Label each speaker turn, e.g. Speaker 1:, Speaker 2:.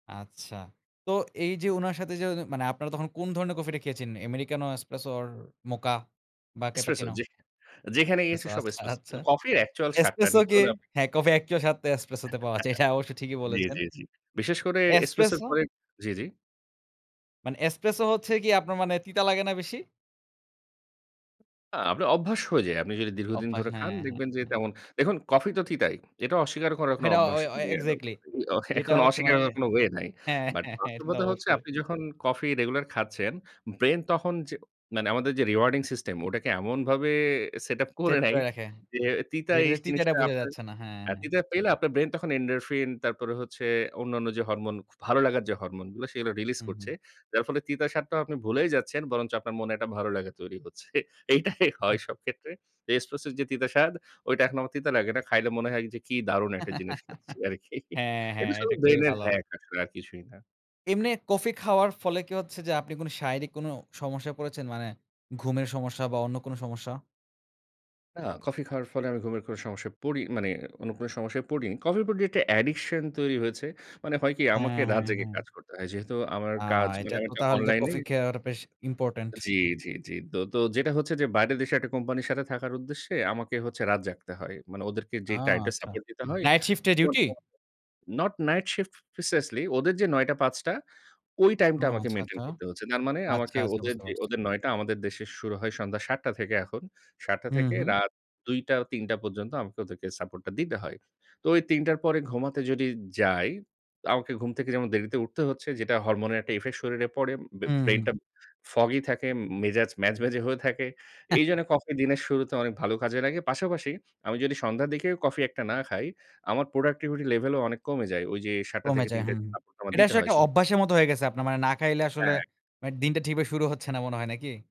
Speaker 1: আচ্ছা। তো এই যে উনার সাথে যে অ মানে আপনারা তখন কোন ধরণের কফিটা খেয়েছেন? Americano Espresso or Mocha? বা
Speaker 2: Espresso
Speaker 1: Cappuccino?
Speaker 2: যেখা অ্যা যেখানে গিয়েছি
Speaker 1: এছো
Speaker 2: সব
Speaker 1: আচ্ছা,
Speaker 2: Espresso
Speaker 1: আচ্ছা!
Speaker 2: কিন্তু কফির actual স্বাদ
Speaker 1: Espresso
Speaker 2: নিতে
Speaker 1: কে
Speaker 2: হলে আপনাকে
Speaker 1: হ্যাঁ কফি actual স্বাদটা Espresso তে পাওয়া যায়। এটা অবশ্য ঠিকই
Speaker 2: [unintelligible] জ্বী,
Speaker 1: বলেছেন।
Speaker 2: জ্বী, জ্বী। বিশেষ করে Espresso র
Speaker 1: Espresso
Speaker 2: পরে জ্বী, জ্বী?
Speaker 1: মানে Espresso হচ্ছে গিয়ে আপনার মানে তিতা লাগে না বেশি?
Speaker 2: আ আপনার অভ্যাস হয়ে যায়, আপনি যদি দীর্ঘদিন
Speaker 1: অভ্যাস
Speaker 2: ধরে খান,
Speaker 1: হ্যাঁ, হ্যাঁ,
Speaker 2: দেখবেন যে
Speaker 1: হ্যাঁ।
Speaker 2: তেমন দেখুন কফি তো তিতাই। এটা অস্বীকার করার কনো
Speaker 1: হেডা
Speaker 2: অভ্যাস
Speaker 1: অয় অয়
Speaker 2: মানে অ্যা ও
Speaker 1: এক্সাক্টলি।
Speaker 2: ই অ
Speaker 1: যেটা
Speaker 2: এখন
Speaker 1: হচ্ছে
Speaker 2: অস্বীকার
Speaker 1: মানে
Speaker 2: করার কোন ওয়ে নাই।
Speaker 1: হ্যাঁ,
Speaker 2: বাট
Speaker 1: হ্যাঁ, হ্যাঁ এটা তো
Speaker 2: বাস্তবতা হচ্ছে
Speaker 1: অবশ্যই।
Speaker 2: আপনি যখন কফি রেগুলার খাচ্ছেন, ব্রেইন তখন যে মানে আমাদের যে rewarding system ওটাকে এমনভাবে সেটআপ করে
Speaker 1: সেট
Speaker 2: নেয়
Speaker 1: করে রাখে।
Speaker 2: যে তিতা এই
Speaker 1: যেটাতে
Speaker 2: স
Speaker 1: তিতাটা
Speaker 2: জিনিসটা
Speaker 1: বোঝা
Speaker 2: আপনার
Speaker 1: যাচ্ছে না। হ্যাঁ,
Speaker 2: হ্যাঁ
Speaker 1: হ্যাঁ।
Speaker 2: তিতা পেলে আপনার ব্রেইন তখন endorphin তারপরে হচ্ছে অন্যান্য যে হরমোন খু ভালো লাগার যে হরমোন গুলা, সেগুলো রিলিজ
Speaker 1: হুম,
Speaker 2: করছে।
Speaker 1: হুম।
Speaker 2: যার ফলে তিতাসাদটাও আপনি ভুলেই যাচ্ছেন বরঞ্চ আপনার মনে একটা ভালো লাগা তৈরি হচ্ছে। এইটাই
Speaker 1: উহু।
Speaker 2: হয় সব ক্ষেত্রে। এ Espresso এর যে তিতা স্বাদ ওইটা এখন আমার তিতা লাগে না। খাইলে মনে হয় যে কি দারুণ একটা জিনিস খাচ্ছি আরকি!
Speaker 1: হ্যাঁ, হ্যাঁ,
Speaker 2: এটা শু
Speaker 1: এটা খুবই
Speaker 2: ব্রেইনের
Speaker 1: ভালো!
Speaker 2: hack আসলে আর কিছুই না।
Speaker 1: এমনে কফি খাওয়ার ফলে কি হচ্ছে যে আপনি কোন শারীরিক কোন সমস্যায় পড়েছেন, মানে ঘুমের সমস্যা বা অন্য কোনো সমস্যা?
Speaker 2: না কফি খাওয়ার ফলে আমি ঘুমের কোন সমস্যায় পড়ি মানে অন্য কোন সমস্যায় পড়িনি। কফি উপর যে একটা addiction তৈরি হয়েছে। মানে হয় কি আমাকে
Speaker 1: হ্যাঁ, হ্যাঁ,
Speaker 2: রাত জেগে
Speaker 1: হ্যাঁ।
Speaker 2: কাজ করতে হয়। যেহেতু আমার
Speaker 1: আ
Speaker 2: কাজ মানে
Speaker 1: এটা তো
Speaker 2: একটা
Speaker 1: তাহলে তো
Speaker 2: অনলাইন এ
Speaker 1: কফি খেয়ে আরো পেশ ইম্পোর্টেন্ট।
Speaker 2: জ্বী, জ্বী, জ্বী। দো তো যেটা হচ্ছে যে বাইরের দেশে একটা কোম্পানির সাথে থাকার উদ্দেশ্যে আমাকে হচ্ছে রাত জাগতে হয়। মানে ওদেরকে
Speaker 1: আ!
Speaker 2: যে টাইমটা
Speaker 1: আচ্ছা।
Speaker 2: সাপোর্ট দিতে হয়
Speaker 1: Night shift এ duty?
Speaker 2: [unintelligible] not night shift preciously ওদের যে ৯ঃ০০ টা ৫ঃ০০ টা ওই
Speaker 1: ও
Speaker 2: টাইমটা আমাকে
Speaker 1: আচ্ছা,
Speaker 2: maintain
Speaker 1: আচ্ছা।
Speaker 2: করতে হচ্ছে। তার মানে
Speaker 1: আচ্ছা,
Speaker 2: আমাকে
Speaker 1: আচ্ছা
Speaker 2: ওদের
Speaker 1: বুঝতে
Speaker 2: যে
Speaker 1: পারছি।
Speaker 2: ওদের ৯ঃ০০ টা আমাদের দেশে শুরু হয় সন্ধ্যা ৭ঃ০০ টা থেকে এখন। ৭ঃ০০ টা
Speaker 1: হুম,
Speaker 2: থেকে
Speaker 1: হুম।
Speaker 2: রাত ২ঃ০০ টা, ৩ঃ০০ টা পর্যন্ত আমাকে ওদেরকে সাপোর্টটা দিতে হয়। তো ওই ৩ঃ০০ টার পরে ঘুমাতে যদি যাই, তা আমাকে ঘুম থেকে যেমন দেরিতে উঠতে হচ্ছে যেটা হরমোনের একটা ইফেক্ট শরীরে পড়ে। বে
Speaker 1: হুম,
Speaker 2: ব্রেইন
Speaker 1: হুম।
Speaker 2: টা foggy থাকে উম মেজাজ ম্যাজম্যাজ হয়ে থাকে। এইজন্য কফি দিনের শুরুতে অনেক ভালো কাজে লাগে। পাশাপাশি আমি যদি সন্ধ্যার দিকেও কফি একটা না খাই, আমার productivity level ও অনেক কমে যায়। ঐ যে ৭ঃ০০ টা
Speaker 1: কমে
Speaker 2: থেকে
Speaker 1: যায়।
Speaker 2: ৩ঃ০০ টা
Speaker 1: হুম।
Speaker 2: যে সাপোর্টা আমার
Speaker 1: এটা
Speaker 2: দিতে
Speaker 1: আসলে
Speaker 2: হয়
Speaker 1: একটা
Speaker 2: সে
Speaker 1: অভ্যাসের মতো হয়ে গেছে আপনার, মানে না খাইলে আসলে
Speaker 2: হ্যাঁ।
Speaker 1: মানে দিনটা ঠিক ভাবে শুরু হচ্ছে না, মনে হয় নাকি?